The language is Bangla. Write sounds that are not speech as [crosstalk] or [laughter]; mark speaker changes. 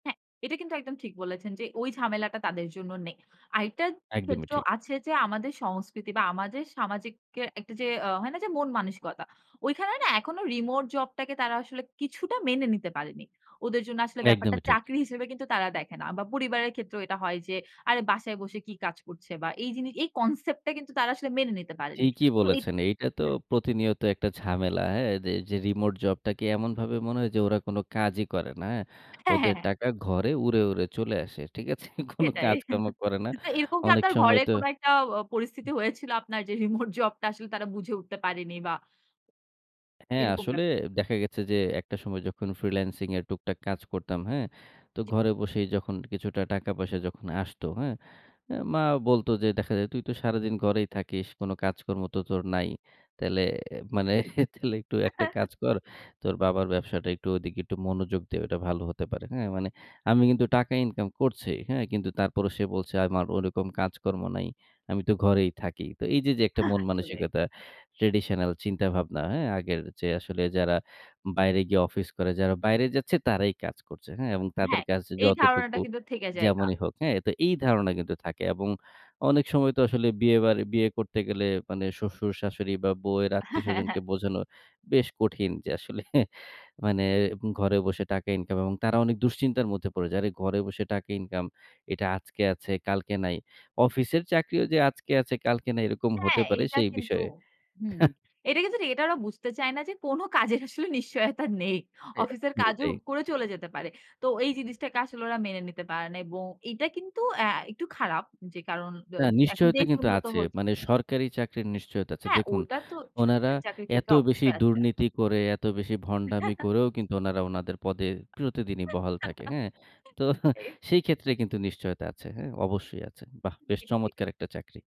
Speaker 1: হ্যাঁ, এটা কিন্তু একদম ঠিক বলেছেন, যে, ওই ঝামেলাটা তাদের জন্য নেই। আরেকটা
Speaker 2: একদমই
Speaker 1: ক্ষেত্র
Speaker 2: ঠিক।
Speaker 1: আছে যে, আমাদের সংস্কৃতি বা আমাদের সামাজিককে একটা আ যে, হয় না যে, মন মানসিকতা। ওইখানে না এখনো রিমোট জব টাকে তারা আসলে কিছুটা মেনে নিতে পারেনি। ওদের জন্য আসলে ব্যাপারটা
Speaker 2: একদমই ঠিক।
Speaker 1: চাকরি হিসেবে কিন্তু তারা দেখে না। বা পরিবারের ক্ষেত্রেও এটা হয় যে, আরে বাসায় বসে কি কাজ করছে বা এই জিনিস এই concept টা কিন্তু তারা আসলে মেনে নিতে পারেনি।
Speaker 2: ঠিকই
Speaker 1: তো এই
Speaker 2: বলেছেন। এইটা তো
Speaker 1: হ্যাঁ।
Speaker 2: প্রতিনিয়ত একটা ঝামেলা হ্যাঁ? যে, যে, রিমোট জবটাকে এমনভাবে মনে হয় যে, ওরা কোন কাজই করে না। হ্যাঁ?
Speaker 1: হ্যাঁ, হ্যাঁ,
Speaker 2: ওদের
Speaker 1: হ্যাঁ।
Speaker 2: টাকা ঘরে উড়ে, উড়ে চলে আসে। ঠিক আছে? কোন
Speaker 1: সেটাই।
Speaker 2: কাজকর্ম
Speaker 1: [chuckles]
Speaker 2: করে না।
Speaker 1: তো এরকম কি
Speaker 2: অনেক
Speaker 1: আপনার
Speaker 2: সময়
Speaker 1: ঘরে
Speaker 2: তো
Speaker 1: কোনো একটা আ পরিস্থিতি হয়েছিল আপনার যে, রিমোট জবটা আসলে তারা বুঝে উঠতে পারেনি বা
Speaker 2: হ্যাঁ,
Speaker 1: এরকম ব্যা
Speaker 2: আসলে দেখা গেছে যে, একটা সময় যখন ফ্রিল্যান্সিং এর টুকটাক কাজ করতাম, হ্যাঁ? তো
Speaker 1: জি।
Speaker 2: ঘরে বসেই যখন কিছুটা টাকা পয়সা যখন আসতো, হ্যাঁ, অ্যা মা বলত, যে, "দেখা যায় তুই তো সারাদিন ঘরেই থাকিস। কোন কাজকর্ম তো তোর নাই। তাইলে মানে তাইলে একটু একটা
Speaker 1: [chuckles]
Speaker 2: কাজ কর। তোর বাবার ব্যবসাটা একটু ওদিকে একটু মনোযোগ দে, ওইটা ভালো হতে পারে।" হ্যাঁ, মানে আমি কিন্তু টাকা ইনকাম করছি। হ্যাঁ, কিন্তু তারপরেও সে বলছে আমার ওরকম কাজকর্ম নাই। আমি তো ঘরেই থাকি। তো এই যে, একটা
Speaker 1: হা,
Speaker 2: মন
Speaker 1: আসলে।
Speaker 2: মানসিকতা। traditional চিন্তাভাবনা হ্যাঁ, আগের যে, আসলে যারা বাইরে গিয়ে অফিস করে, যারা বাইরে যাচ্ছে তারাই কাজ করছে, হ্যাঁ, এবং তাদের
Speaker 1: হ্যাঁ,
Speaker 2: কাছে
Speaker 1: এই ধারণাটা
Speaker 2: যতটুকু
Speaker 1: কিন্তু থেকে জায়গা।
Speaker 2: যেমনই হোক, হ্যাঁ, তো এই ধারণা কিন্তু থাকে। এবং অনেক সময় তো আসলে বিয়ে বার বিয়ে করতে গেলে মানে শ্বশুর-শ্বাশুড়ি বা বউয়ের
Speaker 1: হ্যাঁ, হ্যাঁ,
Speaker 2: আত্মীয়স্বজনকে
Speaker 1: হ্যাঁ।
Speaker 2: বোঝানো বেশ কঠিন যে, আসলে মানে ঘরে বসে টাকা ইনকাম এবং তারা অনেক দুশ্চিন্তার মধ্যে পড়ে যায়। আরে ঘরে বসে টাকা ইনকাম এটা আজকে আছে, কালকে নাই। অফিসের চাকরিও যে, আজকে আছে কালকে নাই এরকম হতে
Speaker 1: হ্যাঁ,
Speaker 2: পারে
Speaker 1: এইটা
Speaker 2: সেই
Speaker 1: কিন্তু
Speaker 2: বিষয়ে অ্যা
Speaker 1: হুম,
Speaker 2: হা।
Speaker 1: এটা কিন্তু ঠিক এটা ওরা বুঝতে চায় না যে, কোন কাজের আসলে নিশ্চয়তা নেই।
Speaker 2: এ
Speaker 1: অফিসের কাজও
Speaker 2: এটাই।
Speaker 1: করে চলে যেতে পারে। তো এই জিনিসটাকে আসলে ওরা মেনে নিতে পারে না। এবং এটা কিন্তু অ্যাঁ একটু খারাপ যে, কারণ দ
Speaker 2: না
Speaker 1: এখন
Speaker 2: নিশ্চয়তা
Speaker 1: দেশ
Speaker 2: কিন্তু
Speaker 1: উন্নত
Speaker 2: আছে।
Speaker 1: হচ্ছে।
Speaker 2: মানে সরকারি চাকরির নিশ্চয়তা আছে।
Speaker 1: হ্যাঁ,
Speaker 2: দেখুন,
Speaker 1: ওটা তো
Speaker 2: উনারা
Speaker 1: সরকারি চাকরির
Speaker 2: এত
Speaker 1: ক্ষেত্রে
Speaker 2: বেশি
Speaker 1: অবশ্যই আছে।
Speaker 2: দুর্নীতি করে এত বেশি ভন্ডামি
Speaker 1: [chuckles]
Speaker 2: করেও কিন্তু উনারা উনাদের পদে প্রতিদিনই বহাল থাকে। হ্যাঁ,
Speaker 1: [chuckles]
Speaker 2: তো
Speaker 1: সেই।
Speaker 2: সেই ক্ষেত্রে কিন্তু নিশ্চয়তা আছে। হ্যাঁ, অবশ্যই আছে। বাহ! বেশ
Speaker 1: [unintelligible]
Speaker 2: চমৎকার একটা চাকরি।